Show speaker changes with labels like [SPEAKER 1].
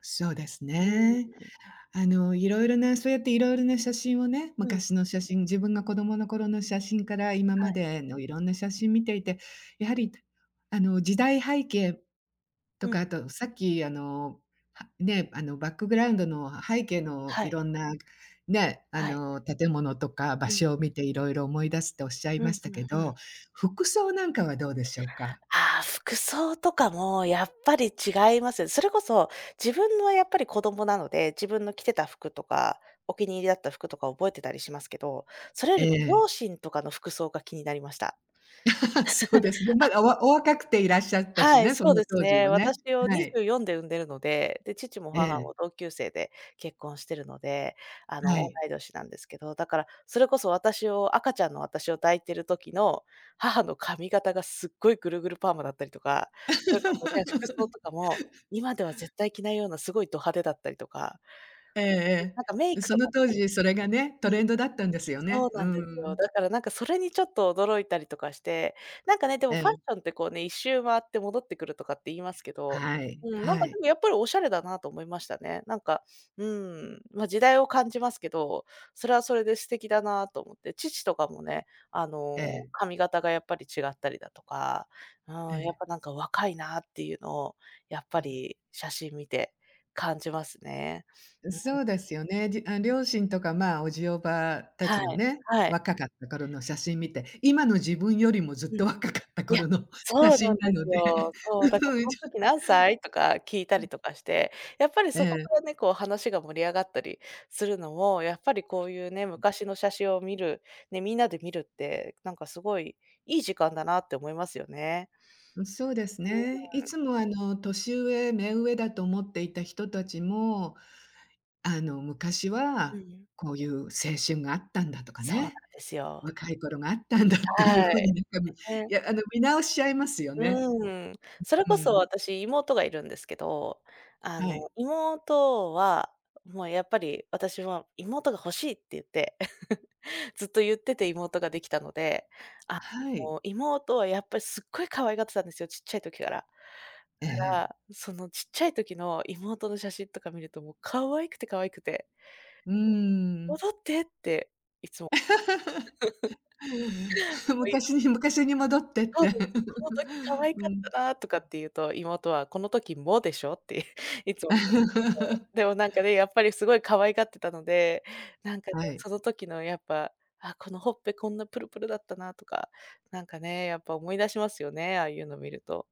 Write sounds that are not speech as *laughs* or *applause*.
[SPEAKER 1] そうです
[SPEAKER 2] うー
[SPEAKER 1] ね。
[SPEAKER 2] ん。
[SPEAKER 1] あの、色々なそうやって、色々な写真をね、
[SPEAKER 2] うん。
[SPEAKER 1] 昔の写真、自分が子供の頃の写真から、今
[SPEAKER 2] は
[SPEAKER 1] ま
[SPEAKER 2] い。
[SPEAKER 1] での色んな写真を見ていて、やはり、あの、時代背景と
[SPEAKER 2] う
[SPEAKER 1] か、
[SPEAKER 2] ん。
[SPEAKER 1] あと、さっき、あの、はね、あの、バックグラウンドの、背景の
[SPEAKER 2] は
[SPEAKER 1] 色
[SPEAKER 2] い。
[SPEAKER 1] んな、ね、あ
[SPEAKER 2] はい。
[SPEAKER 1] の、建物とか場
[SPEAKER 2] うん。
[SPEAKER 1] 所を見て色々思い出すとおっしゃい
[SPEAKER 2] うん
[SPEAKER 1] ました
[SPEAKER 2] うん
[SPEAKER 1] け
[SPEAKER 2] うん。
[SPEAKER 1] ど、服装なんかはどうでしょうか？
[SPEAKER 2] ああ、服装とかもやっぱり違います。それこそ、自分の、やっぱり、子供なので、自分の着てた服とか、お気に入りだった服とか覚えてたりしますけど、それよりも
[SPEAKER 1] ええ。
[SPEAKER 2] 両親とかの服装が気になりました。
[SPEAKER 1] *laughs* そうですね、
[SPEAKER 2] *chuckles*
[SPEAKER 1] ま
[SPEAKER 2] あ、
[SPEAKER 1] だお
[SPEAKER 2] ほん
[SPEAKER 1] わお若くていらっしゃったし
[SPEAKER 2] はい。
[SPEAKER 1] ね、そ
[SPEAKER 2] そう
[SPEAKER 1] の
[SPEAKER 2] です
[SPEAKER 1] 当時
[SPEAKER 2] ね。
[SPEAKER 1] はね、
[SPEAKER 2] 私を
[SPEAKER 1] は
[SPEAKER 2] にじ
[SPEAKER 1] い。
[SPEAKER 2] ゅうよんで産んでるので、で、父も
[SPEAKER 1] え
[SPEAKER 2] 母も
[SPEAKER 1] え。
[SPEAKER 2] 同級生で結婚してるので、あの、
[SPEAKER 1] は
[SPEAKER 2] 同
[SPEAKER 1] い。
[SPEAKER 2] い年なんですけど、だから、それこそ私を、赤ちゃんの私を抱いてる時の母の髪型が、すっごいぐるぐるパーマだったりとか、それこそね、服装
[SPEAKER 1] *laughs*
[SPEAKER 2] とかも、今では絶対着ないような、すごいド派手だったりとか。
[SPEAKER 1] ええ
[SPEAKER 2] ん、
[SPEAKER 1] え
[SPEAKER 2] なんか、メ
[SPEAKER 1] え。
[SPEAKER 2] イ
[SPEAKER 1] ん、
[SPEAKER 2] ク
[SPEAKER 1] そ
[SPEAKER 2] とか
[SPEAKER 1] の
[SPEAKER 2] も
[SPEAKER 1] 当時、それがね、ト
[SPEAKER 2] うん。
[SPEAKER 1] レンドだったんですよ
[SPEAKER 2] そう
[SPEAKER 1] ね。う
[SPEAKER 2] なんです
[SPEAKER 1] ー
[SPEAKER 2] よ。
[SPEAKER 1] ん。
[SPEAKER 2] だから、なんか、それにちょっと驚いたりとかして。なんかね、でも
[SPEAKER 1] え
[SPEAKER 2] ファッ
[SPEAKER 1] え。
[SPEAKER 2] ションって、こうね、1周回って戻ってくるとかって言いますけど、
[SPEAKER 1] はい、
[SPEAKER 2] うん、なん
[SPEAKER 1] は
[SPEAKER 2] か、
[SPEAKER 1] い。
[SPEAKER 2] でも、やっぱり、おしゃれだなと思いましたね。なんか、うーん、ま、時代を感じますけど、それはそれで素敵だなと思って。父とかもね、あ
[SPEAKER 1] え
[SPEAKER 2] の、
[SPEAKER 1] え。
[SPEAKER 2] 髪型がやっぱり違ったりだとか、う
[SPEAKER 1] え
[SPEAKER 2] ーん、やっ
[SPEAKER 1] え。
[SPEAKER 2] ぱ、なんか、若いなっていうのを、やっぱ
[SPEAKER 1] うん。
[SPEAKER 2] り写真見て感じますね。
[SPEAKER 1] うん、
[SPEAKER 2] うーん。
[SPEAKER 1] そうですよね。じあ、両親とか、まあ、叔父叔母た
[SPEAKER 2] は
[SPEAKER 1] ちの
[SPEAKER 2] い、
[SPEAKER 1] ね、
[SPEAKER 2] はい。
[SPEAKER 1] 若かった頃の写真見て、今の自分よりもずっ
[SPEAKER 2] う
[SPEAKER 1] と
[SPEAKER 2] ん。
[SPEAKER 1] 若かった
[SPEAKER 2] や、
[SPEAKER 1] 頃の写
[SPEAKER 2] そうなん
[SPEAKER 1] 真な
[SPEAKER 2] で
[SPEAKER 1] の
[SPEAKER 2] す
[SPEAKER 1] で、
[SPEAKER 2] よ。そう。だから
[SPEAKER 1] うーん、
[SPEAKER 2] 「こ
[SPEAKER 1] ち
[SPEAKER 2] ん
[SPEAKER 1] ょ
[SPEAKER 2] 時何歳？」とか聞いた
[SPEAKER 1] うん。
[SPEAKER 2] りとかして、やっぱり
[SPEAKER 1] え
[SPEAKER 2] そこ
[SPEAKER 1] え。
[SPEAKER 2] からね、こう、話が盛り上がったりするのも、やっぱりこういうね、
[SPEAKER 1] うん。
[SPEAKER 2] 昔の写真を見る、ね、みんなで見るって、なんか、すごいいい時間だなって思いますよね。
[SPEAKER 1] うん、そうです
[SPEAKER 2] う
[SPEAKER 1] ね。い
[SPEAKER 2] ーん。
[SPEAKER 1] つも、あの、年上、目上だと思っていた人たち
[SPEAKER 2] *unintelligible*
[SPEAKER 1] も、あの、昔
[SPEAKER 2] うんう
[SPEAKER 1] は
[SPEAKER 2] ん。
[SPEAKER 1] こういう青春があったんだとか
[SPEAKER 2] そうなん
[SPEAKER 1] ね、
[SPEAKER 2] ですよ。
[SPEAKER 1] 若い頃があったんだっていう
[SPEAKER 2] は
[SPEAKER 1] ふう
[SPEAKER 2] い。
[SPEAKER 1] に、なんか、い
[SPEAKER 2] ね。
[SPEAKER 1] や、あの、見直しちゃいますよ
[SPEAKER 2] う
[SPEAKER 1] ね。
[SPEAKER 2] ーん。それ
[SPEAKER 1] うう
[SPEAKER 2] こそ、
[SPEAKER 1] ーん。
[SPEAKER 2] 私、妹がいるんですけど、あ
[SPEAKER 1] はい。
[SPEAKER 2] の、妹は、もう、やっぱり、私もう、妹が欲しいっていって、*chuckles* ずっといってて妹ができたので、
[SPEAKER 1] は
[SPEAKER 2] あ
[SPEAKER 1] い。
[SPEAKER 2] の、妹は、やっぱり、すっごい可愛がってたんですよ、ちっちゃい時から。だ
[SPEAKER 1] ええ
[SPEAKER 2] から、
[SPEAKER 1] ええ。
[SPEAKER 2] ん、そのちっちゃい時の妹の写真とか見ると、もう、可愛くて、可愛くて。
[SPEAKER 1] うーん。
[SPEAKER 2] 「戻って」って、いつも
[SPEAKER 1] *laughs*
[SPEAKER 2] *giggles*
[SPEAKER 1] *chuckles*
[SPEAKER 2] 可愛いの。
[SPEAKER 1] 昔に、昔に戻ってっ
[SPEAKER 2] そう
[SPEAKER 1] て。
[SPEAKER 2] なんですよ。「ほんとに可
[SPEAKER 1] *laughs*
[SPEAKER 2] 愛
[SPEAKER 1] う
[SPEAKER 2] かっ
[SPEAKER 1] ん。
[SPEAKER 2] たなあ」とかって言うと、妹は「この時もでしょ」って *chuckles* いつも言うんですけど。
[SPEAKER 1] *laughs*
[SPEAKER 2] でも、なんかね、やっぱり凄い可愛がってたので、なんかね、
[SPEAKER 1] はい。
[SPEAKER 2] その時の、やっぱ、「あ、このほっぺ、こんなプルプルだったな」とか、なんかね、やっぱ思い出しますよね、ああいうの見ると。